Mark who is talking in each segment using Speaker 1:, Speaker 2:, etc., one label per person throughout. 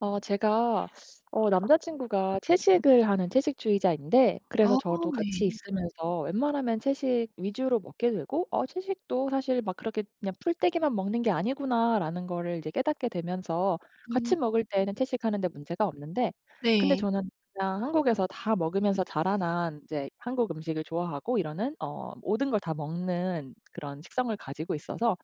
Speaker 1: 어 제가 어 남자 친구가 채식을 하는 채식주의자인데 그래서
Speaker 2: 아
Speaker 1: 저도
Speaker 2: 네.
Speaker 1: 같이 있으면서 웬만하면 채식 위주로 먹게 되고 '어 채식도 사실 막 그렇게 그냥 풀떼기만 먹는 게 아니구나.'라는 거를 이제 깨닫게 되면서
Speaker 2: 음.
Speaker 1: 같이 먹을 때에는 채식하는 데 문제가 없는데 근데
Speaker 2: 네.
Speaker 1: 저는 그냥 한국에서 다 먹으면서 자라난 이제 한국 음식을 좋아하고 이러는 어 모든 걸 다 먹는 그런 식성을 가지고 있어서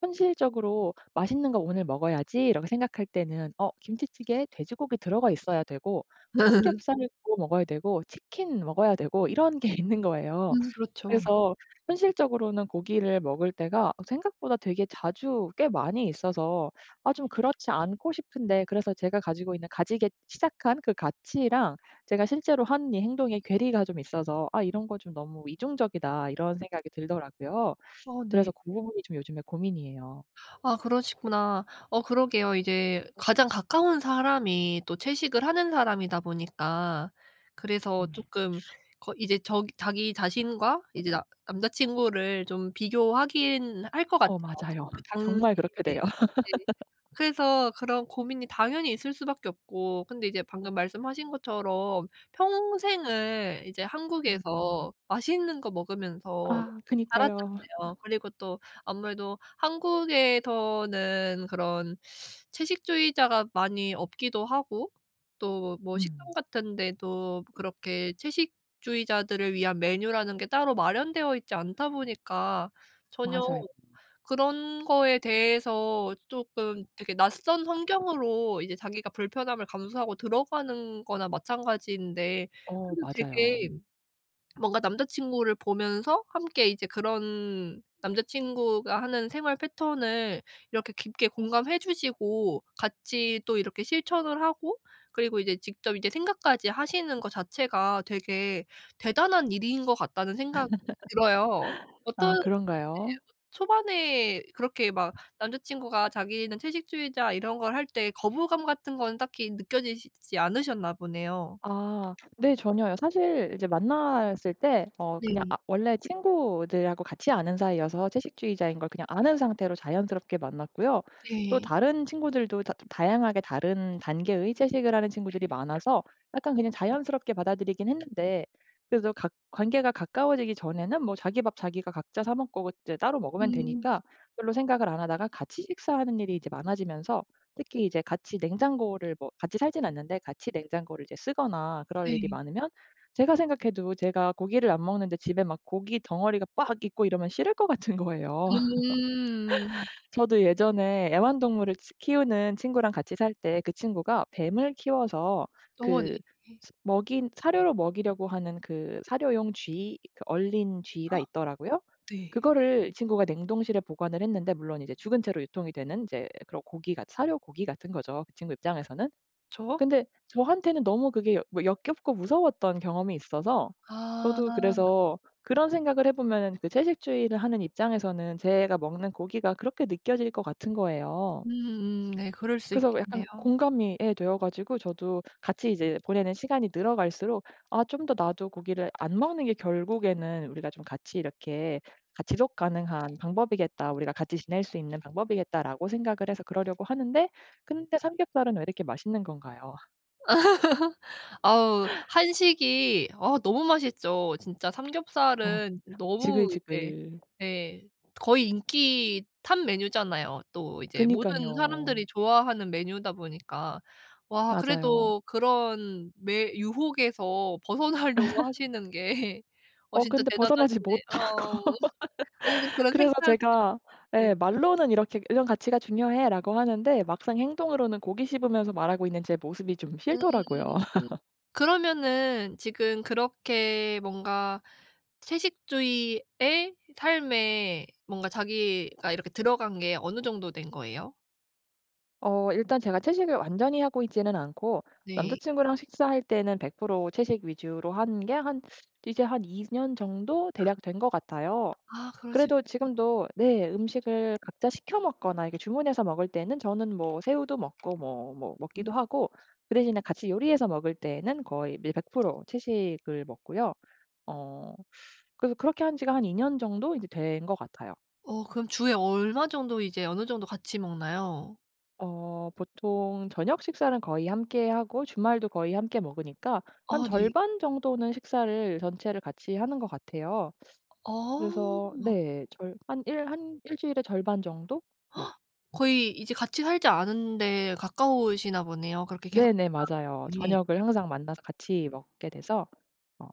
Speaker 1: 현실적으로 '맛있는 거 오늘 먹어야지.'라고 생각할 때는 어 김치찌개에 돼지고기 들어가 있어야 되고 삼겹살도 먹어야 되고 치킨 먹어야 되고 이런 게 있는 거예요.
Speaker 2: 음 그렇죠.
Speaker 1: 그래서 현실적으로는 고기를 먹을 때가 어 생각보다 되게 자주 꽤 많이 있어서 아 좀 그렇지 않고 싶은데 그래서 제가 가지고 있는 가지게 시작한 그 가치랑 제가 실제로 한 이 행동에 괴리가 좀 있어서 '아 이런 거 좀 너무 이중적이다.' 이런 생각이 들더라고요.
Speaker 2: 어 네.
Speaker 1: 그래서 고 부분이 좀 요즘에 고민이에요.
Speaker 2: 아 그러시구나. 어 그러게요. 이제 가장 가까운 사람이 또 채식을 하는 사람이다 보니까 그래서
Speaker 1: 음.
Speaker 2: 쪼끔 거 이제 저 자기 자신과 이제 나 남자 친구를 좀 비교하긴 할 것
Speaker 1: 어
Speaker 2: 같아요.
Speaker 1: 맞아요.
Speaker 2: 어쨌든 그 당시
Speaker 1: 정말 그렇게
Speaker 2: 이제
Speaker 1: 돼요.
Speaker 2: 네 그래서 그런 고민이 당연히 있을 수밖에 없고 근데 이제 방금 말씀하신 것처럼 평생을 이제
Speaker 1: 음.
Speaker 2: 한국에서 맛있는 거 먹으면서
Speaker 1: 아 그니까요.
Speaker 2: 살았잖아요. 그리고 또 아무래도 한국에서는 그런 채식주의자가 많이 없기도 하고 또 뭐 식당
Speaker 1: 음.
Speaker 2: 같은 데도 그렇게 채식주의자들을 위한 메뉴라는 게 따로 마련되어 있지 않다 보니까 전혀
Speaker 1: 맞아요.
Speaker 2: 그런 거에 대해서 쪼끔 되게 낯선 환경으로 이제 자기가 불편함을 감수하고 들어가는 거나 마찬가지인데
Speaker 1: 어
Speaker 2: 그래도
Speaker 1: 맞아요.
Speaker 2: 되게 뭔가 남자 친구를 보면서 함께 이제 그런 남자 친구가 하는 생활 패턴을 이렇게 깊게 공감해 주시고 같이 또 이렇게 실천을 하고 그리고 이제 직접 이제 생각까지 하시는 거 자체가 되게 '대단한 일인 것 같다.'는 생각이 들어요. 어떤
Speaker 1: 아
Speaker 2: 네 어
Speaker 1: 그런가요?
Speaker 2: 초반에 그렇게 막 남자 친구가 자기는 채식주의자 이런 걸 할 때 거부감 같은 거는 딱히 느껴지시지 않으셨나 보네요.
Speaker 1: 아. 네 전혀요. 사실 이제 만났을 때 어 그냥
Speaker 2: 네.
Speaker 1: 아 원래 친구들하고 같이 아는 사이여서 채식주의자인 걸 그냥 아는 상태로 자연스럽게 만났고요. 또
Speaker 2: 네.
Speaker 1: 다른 친구들도 다 좀 다양하게 다른 단계의 채식을 하는 친구들이 많아서 약간 그냥 자연스럽게 받아들이긴 했는데 그래도 가 관계가 가까워지기 전에는 뭐 자기 밥 자기가 각자 사 먹고 이제 따로 먹으면
Speaker 2: 음.
Speaker 1: 되니까 별로 생각을 안 하다가 같이 식사하는 일이 이제 많아지면서 특히 이제 같이 냉장고를 뭐 같이 살진 않는데 같이 냉장고를 이제 쓰거나 그럴 일이
Speaker 2: 네.
Speaker 1: 많으면 제가 생각해도 제가 고기를 안 먹는데 집에 막 고깃덩어리가 빡 있고 이러면 싫을 것 같은 거예요.
Speaker 2: 음.
Speaker 1: 저도 예전에 애완동물을 치 키우는 친구랑 같이 살 때 그 친구가 뱀을 키워서
Speaker 2: 어 네.
Speaker 1: 그 스 먹인 사료로 먹이려고 하는 그 사료용 쥐 그 얼린 쥐가 있더라고요.
Speaker 2: 네.
Speaker 1: 그거를 이 친구가 냉동실에 보관을 했는데 물론 이제 죽은 채로 유통이 되는 이제 그런 고기같 사료 고기 같은 거죠 그 친구 입장에서는.
Speaker 2: 그쵸.
Speaker 1: 근데 저한테는 너무 그게 어 뭐 역겹고 무서웠던 경험이 있어서 저도
Speaker 2: 아.
Speaker 1: 그래서 그런 생각을 해 보면은 그 채식주의를 하는 입장에서는 제가 먹는 고기가 그렇게 느껴질 것 같은 거예요.
Speaker 2: 음 네. 그럴 수
Speaker 1: 그래서 약간
Speaker 2: 있겠네요.
Speaker 1: 공감이 예 되어 가지고 저도 같이 이제 보내는 시간이 늘어갈수록 '아 좀 더 나도 고기를 안 먹는 게 결국에는 우리가 좀 같이 이렇게 가 지속 가능한 방법이겠다. 우리가 같이 지낼 수 있는 방법이겠다.'라고 생각을 해서 그러려고 하는데 근데 삼겹살은 왜 이렇게 맛있는 건가요?
Speaker 2: 아우 한식이 아 너무 맛있죠. 진짜
Speaker 1: 어
Speaker 2: 삼겹살은
Speaker 1: [unintelligible]
Speaker 2: 너무 이제
Speaker 1: 지글지글.
Speaker 2: 예 거의 인기 탑 메뉴잖아요. 또 이제 모든
Speaker 1: 그니깐요.
Speaker 2: 사람들이 좋아하는 메뉴다 보니까 와
Speaker 1: 맞아요.
Speaker 2: 그래도 그런 매 유혹에서 벗어나려고 하시는 게 어
Speaker 1: 어
Speaker 2: 진짜
Speaker 1: 근데 벗어나지
Speaker 2: 대단하시네
Speaker 1: 못하고
Speaker 2: 어우 아유 그런
Speaker 1: 그래서
Speaker 2: 생각
Speaker 1: 제가
Speaker 2: 네.
Speaker 1: 예 말로는 "이렇게 이런 가치가 중요해."라고 하는데 막상 행동으로는 고기 씹으면서 말하고 있는 제 모습이 좀
Speaker 2: 음
Speaker 1: 싫더라고요.
Speaker 2: 으 그러면은 지금 그렇게 뭔가 채식주의의 삶에 뭔가 자기가 이렇게 들어간 게 어느 정도 된 거예요?
Speaker 1: 어 일단 제가 채식을 완전히 하고 있지는 않고
Speaker 2: 네.
Speaker 1: 남자친구랑 식사할 때는 100% 채식 위주로 한 게 한 이제 한 2 년 정도 대략 된 것 같아요.
Speaker 2: 아 그러시구나.
Speaker 1: 그래도 지금도 네 음식을 각자 시켜 먹거나 이게 주문해서 먹을 때는 저는 뭐 새우도 먹고 뭐 뭐 먹기도
Speaker 2: 음.
Speaker 1: 하고 그 대신에 같이 요리해서 먹을 때에는 거의 밀 100% 채식을 먹고요. 어 그래서 그렇게 한 지가 한 2 년 정도 이제 된 거 같아요.
Speaker 2: 어 그럼 주에 얼마 정도 이제 어느 정도 같이 먹나요?
Speaker 1: 어 보통 저녁 식사는 거의 함께하고 주말도 거의 함께 먹으니까 한
Speaker 2: 아 네.
Speaker 1: 절반 정도는 식사를 전체를 같이 하는 것 같아요.
Speaker 2: 아.
Speaker 1: 그래서 네. 절 한 일 한 1 주일에 절반 정도? 네.
Speaker 2: 거의 이제 같이 살지 않은데 가까우시나 보네요. 그렇게 계속
Speaker 1: 네네. 맞아요.
Speaker 2: 만나는 게
Speaker 1: 저녁을 항상 만나서 같이 먹게 돼서 어.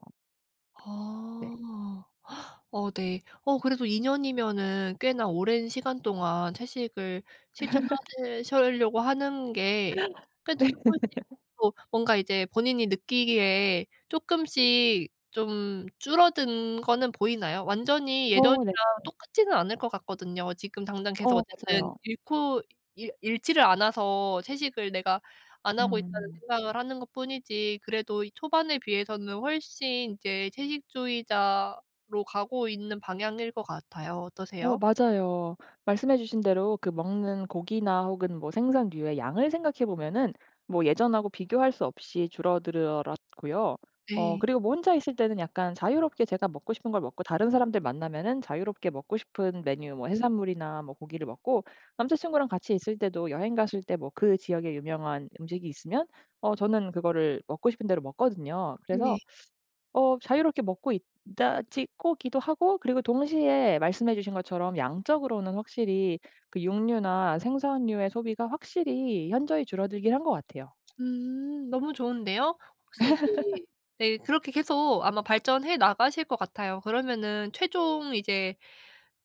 Speaker 1: 네.
Speaker 2: 아. 어 네. 어 그래도 2 년이면은 꽤나 오랜 시간 동안 채식을 실천하실 실려고 하는 게 그래도 쪼끔씩 또 뭔가 이제 본인이 느끼기에 쪼끔씩 좀 줄어든 거는 보이나요? 완전히 예전이랑
Speaker 1: 어 네네.
Speaker 2: 똑같지는 않을 것 같거든요. 지금 당장 계속
Speaker 1: 어
Speaker 2: 어쨌든
Speaker 1: 맞아요.
Speaker 2: 잃고 잃 잃지를 않아서 '채식을 내가 안 하고 있다.'는
Speaker 1: 음.
Speaker 2: 생각을 하는 것뿐이지 그래도 초반에 비해서는 훨씬 이제 채식주의자로 가고 있는 방향일 것 같아요.
Speaker 1: 어
Speaker 2: 어떠세요?
Speaker 1: 맞아요. 말씀해 주신 대로 그 먹는 고기나 혹은 뭐 생선류의 양을 생각해 보면은 뭐 예전하고 비교할 수 없이 줄어들어 었고요. 어
Speaker 2: 네.
Speaker 1: 그리고 뭐 혼자 있을 때는 약간 자유롭게 제가 먹고 싶은 걸 먹고 다른 사람들 만나면은 자유롭게 먹고 싶은 메뉴 뭐 해산물이나 뭐 고기를 먹고 남자 친구랑 같이 있을 때도 여행 갔을 때 뭐 그 지역에 유명한 음식이 있으면 어 저는 그거를 먹고 싶은 대로 먹거든요. 그래서
Speaker 2: 네.
Speaker 1: 어 자유롭게 먹고 있다지 고 기도 하고 그리고 동시에 말씀해 주신 것처럼 양적으로는 확실히 그 육류나 생선류의 소비가 확실히 현저히 줄어들긴 한 것 같아요.
Speaker 2: 음. 너무 좋은데요. 혹시 이제 네 그렇게 계속 아마 발전해 나가실 것 같아요. 그러면은 최종 이제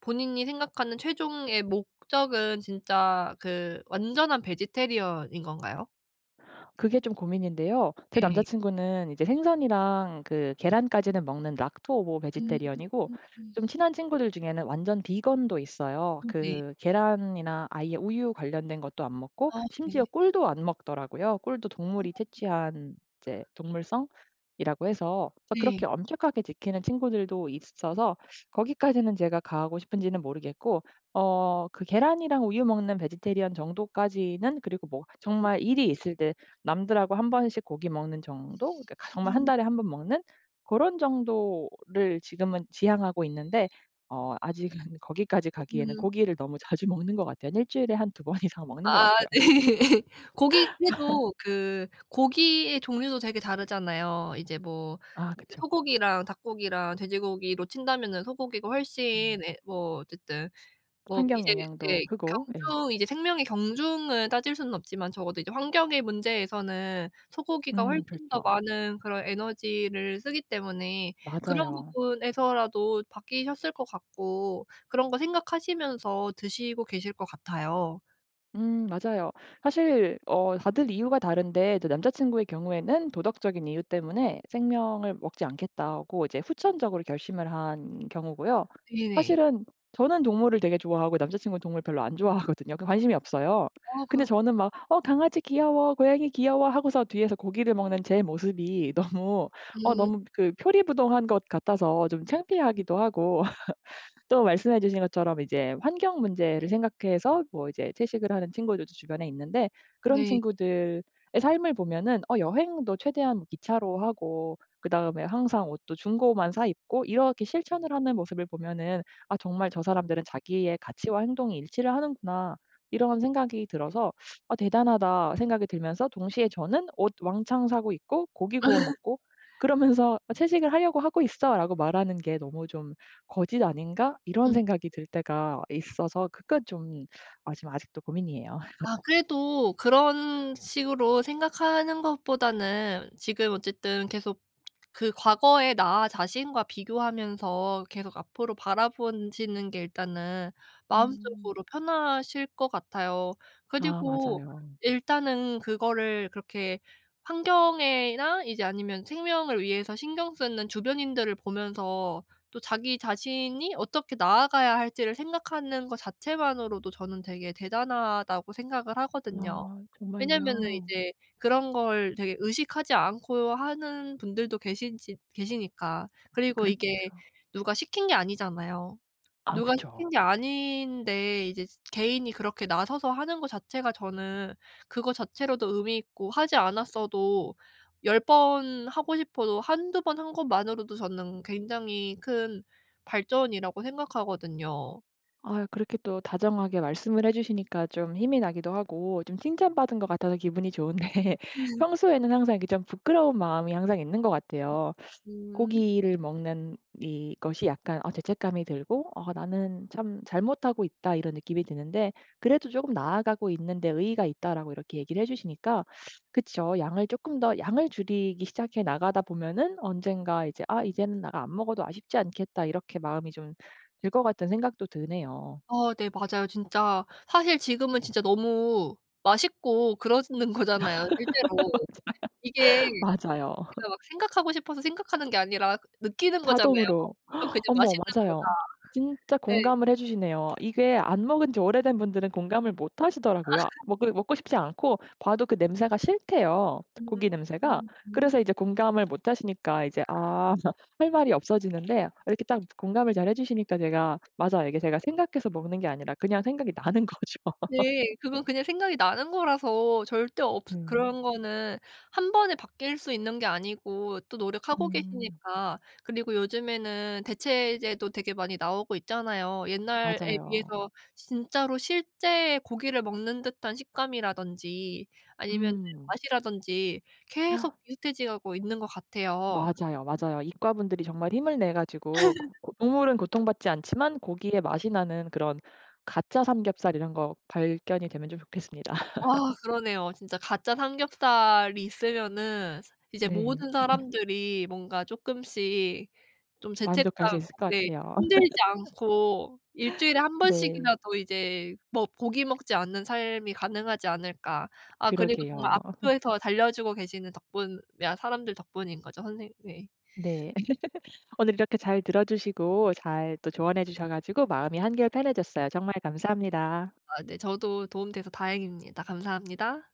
Speaker 2: 본인이 생각하는 최종의 목적은 진짜 그 완전한 베지테리언인 건가요?
Speaker 1: 그게 좀 고민인데요. 제 남자
Speaker 2: 네.
Speaker 1: 친구는 이제 생선이랑 그 계란까지는 먹는 락토오보
Speaker 2: 음.
Speaker 1: 베지테리언이고 좀 친한 친구들 중에는 완전 비건도 있어요.
Speaker 2: 음 네.
Speaker 1: 그 계란이나 아예 우유 관련된 것도 안 먹고
Speaker 2: 아 네.
Speaker 1: 심지어 꿀도 안 먹더라고요. 꿀도 동물이
Speaker 2: 아.
Speaker 1: 채취한 이제 동물성이라고 해서
Speaker 2: 네.
Speaker 1: 그렇게 엄격하게 지키는 친구들도 있어서 거기까지는 제가 가고 싶은지는 모르겠고 어 그 계란이랑 우유 먹는 베지테리언 정도까지는 그리고 뭐 정말 일이 있을 때 남들하고 1 번씩 고기 먹는 정도? 그러니까 정말 1
Speaker 2: 음.
Speaker 1: 달에 1 번 먹는 고런 정도를 지금은 지향하고 있는데 어 아직은 거기까지 가기에는
Speaker 2: 음.
Speaker 1: 고기를 너무 자주 먹는 것 같아요. 한 1 주일에 한 2 번 이상 먹는 것
Speaker 2: 아
Speaker 1: 같아요.
Speaker 2: 네. 고기 해도 그 고기의 종류도 되게 다르잖아요. 이제 뭐
Speaker 1: 아
Speaker 2: 이제
Speaker 1: 그쵸.
Speaker 2: 소고기랑 닭고기랑 돼지고기로 친다면은 소고기가 훨씬
Speaker 1: 음.
Speaker 2: 예 뭐 어쨌든 뭐
Speaker 1: 환경
Speaker 2: 이제
Speaker 1: 영향도
Speaker 2: 네
Speaker 1: 크고 예.
Speaker 2: 경중 이제 생명의 경중을 따질 수는 없지만 적어도 이제 환경의 문제에서는 소고기가
Speaker 1: 음
Speaker 2: 훨씬 더
Speaker 1: 그렇죠.
Speaker 2: 많은 그런 에너지를 쓰기 때문에 그런
Speaker 1: 맞아요.
Speaker 2: 부분에서라도 바뀌셨을 것 같고 그런 거 생각하시면서 드시고 계실 것 같아요.
Speaker 1: 음 맞아요. 사실 어 다들 이유가 다른데 이제 남자 친구의 경우에는 도덕적인 이유 때문에 '생명을 먹지 않겠다.'고 이제 후천적으로 결심을 한 경우고요.
Speaker 2: 네네.
Speaker 1: 사실은 저는 동물을 되게 좋아하고 남자 친구는 동물을 별로 안 좋아하거든요. 그 관심이 없어요.
Speaker 2: 아
Speaker 1: 근데
Speaker 2: 그렇군요.
Speaker 1: 저는 막 "어 강아지 귀여워. 고양이 귀여워." 하고서 뒤에서 고기를 먹는 제 모습이 너무 어
Speaker 2: 음.
Speaker 1: 너무 그 표리부동한 것 같아서 좀 창피하기도 하고 또 말씀해 주신 것처럼 이제 환경 문제를 생각해서 뭐 이제 채식을 하는 친구들도 주변에 있는데 그런
Speaker 2: 네.
Speaker 1: 친구들의 삶을 보면은 어 여행도 최대한 기차로 하고 그다음에 항상 옷도 중고만 사입고 이렇게 실천을 하는 모습을 보면은 '아 정말 저 사람들은 자기의 가치와 행동이 일치를 하는구나.' 이런 생각이 들어서 '아 대단하다.' 생각이 들면서 동시에 저는 옷 왕창 사고 있고 고기 구워 먹고 그러면서 어 "채식을 하려고 하고 있어."라고 말하는 게 너무 좀 '거짓 아닌가.' 이런
Speaker 2: 음.
Speaker 1: 생각이 들 때가 있어서 그건 좀 아 좀 아직도 고민이에요.
Speaker 2: 아 그래도 그런 식으로 생각하는 것보다는 지금 어쨌든 계속 그 과거의 나 자신과 비교하면서 계속 앞으로 바라본 시는 게 일단은
Speaker 1: 음.
Speaker 2: 마음속으로 편하실 것 같아요.
Speaker 1: 아
Speaker 2: 그리고
Speaker 1: 맞아요.
Speaker 2: 일단은 그거를 그렇게 환경에나 이제 아니면 생명을 위해서 신경 쓰는 주변인들을 보면서 또 자기 자신이 어떻게 나아가야 할지를 생각하는 거 자체만으로도 저는 되게 '대단하다.'고 생각을 하거든요.
Speaker 1: 아
Speaker 2: 왜냐하면은
Speaker 1: 정말요?
Speaker 2: 이제 그런 걸 되게 의식하지 않고 하는 분들도 계시지 계시니까. 그리고 이게
Speaker 1: 그렇죠.
Speaker 2: 누가 시킨 게 아니잖아요.
Speaker 1: 아
Speaker 2: 누가 시킨
Speaker 1: 그쵸.
Speaker 2: 게 아닌데 이제 지 개인이 그렇게 나서서 하는 거 자체가 저는 그거 자체로도 의미 있고 하지 않았어도 10 번 하고 싶어도 1-2 번 한 것만으로도 저는 굉장히 큰 발전이라고 생각하거든요.
Speaker 1: 아유 그렇게 또 다정하게 말씀을 해 주시니까 좀 힘이 나기도 하고 좀 칭찬받은 것 같아서 기분이 좋은데 평소에는 항상 이렇게 좀 부끄러운 마음이 항상 있는 것 같아요.
Speaker 2: 음.
Speaker 1: 고기를 먹는 이것이 약간 아 죄책감이 들고 어 '나는 참 잘못하고 있다.' 이런 느낌이 드는데 그래도 "조금 나아가고 있는 데 의의가 있다."라고 이렇게 얘기를 해 주시니까 그쵸. 양을 쪼금 더 양을 줄이기 시작해 나가다 보면은 언젠가 이제 '아 이제는 내가 안 먹어도 아쉽지 않겠다.' 이렇게 마음이 좀 들 것 같은 생각도 드네요.
Speaker 2: 아 네 맞아요 진짜. 사실 지금은 진짜 너무 맛있고 그러시는 거잖아요 실제로. 이게
Speaker 1: 맞아요.
Speaker 2: 내가
Speaker 1: 맞아요.
Speaker 2: 막 생각하고 싶어서 생각하는 게 아니라 그 느끼는 거잖아요.
Speaker 1: 자동으로.
Speaker 2: '이건 그냥
Speaker 1: 어머
Speaker 2: 맛있는 거다.'
Speaker 1: 맞아요. 진짜
Speaker 2: 예.
Speaker 1: 공감을 해 주시네요. 이게 안 먹은 지 오래된 분들은 공감을 못 하시더라고요. 아 먹고 먹고 싶지 않고 봐도 그 냄새가 싫대요
Speaker 2: 음.
Speaker 1: 고기 냄새가.
Speaker 2: 음 음.
Speaker 1: 그래서 이제 공감을 못 하시니까 이제 아 할 말이 없어지는데 이렇게 딱 공감을 잘 해 주시니까 제가 맞아요. 이게 제가 생각해서 먹는 게 아니라 그냥 생각이 나는 거죠.
Speaker 2: 네. 그건 그냥 생각이 나는 거라서 절대 없
Speaker 1: 음.
Speaker 2: 그런 거는 1 번에 바뀔 수 있는 게 아니고 또 노력하고
Speaker 1: 음.
Speaker 2: 계시니까 그리고 요즘에는 대체제도 되게 많이 나오고 있잖아요. 옛날에
Speaker 1: 맞아요.
Speaker 2: 비해서 진짜로 실제 고기를 먹는 듯한 식감이라든지 아니면은
Speaker 1: 음.
Speaker 2: 맛이라든지 계속 비슷해져 가고 있는 것 같아요.
Speaker 1: 맞아요. 맞아요. 이과 분들이 정말 힘을 내 가지고 고 고 동물은 고통받지 않지만 고기의 맛이 나는 그런 가짜 삼겹살 이런 거 발견이 되면 좀 좋겠습니다.
Speaker 2: 아 그러네요. 진짜 가짜 삼겹살이 있으면은 이제
Speaker 1: 네.
Speaker 2: 모든 사람들이 뭔가 쪼끔씩 좀
Speaker 1: 만족할 수
Speaker 2: 죄책감
Speaker 1: 있을 것
Speaker 2: 네
Speaker 1: 같아요.
Speaker 2: 힘들지 않고 1 주일에 1
Speaker 1: 네.
Speaker 2: 번씩이라도 이제 뭐 고기 먹지 않는 삶이 가능하지 않을까. 아 그리고 정말
Speaker 1: 그러게요.
Speaker 2: 앞을 더 달려주고 계시는 덕분에 사람들 덕분인 거죠. 선생 네.
Speaker 1: 네. 오늘 이렇게 잘 들어주시고 잘 또 조언해 주셔 가지고 마음이 한결 편해졌어요. 정말 감사합니다.
Speaker 2: 아 네. 저도 도움돼서 다행입니다. 감사합니다.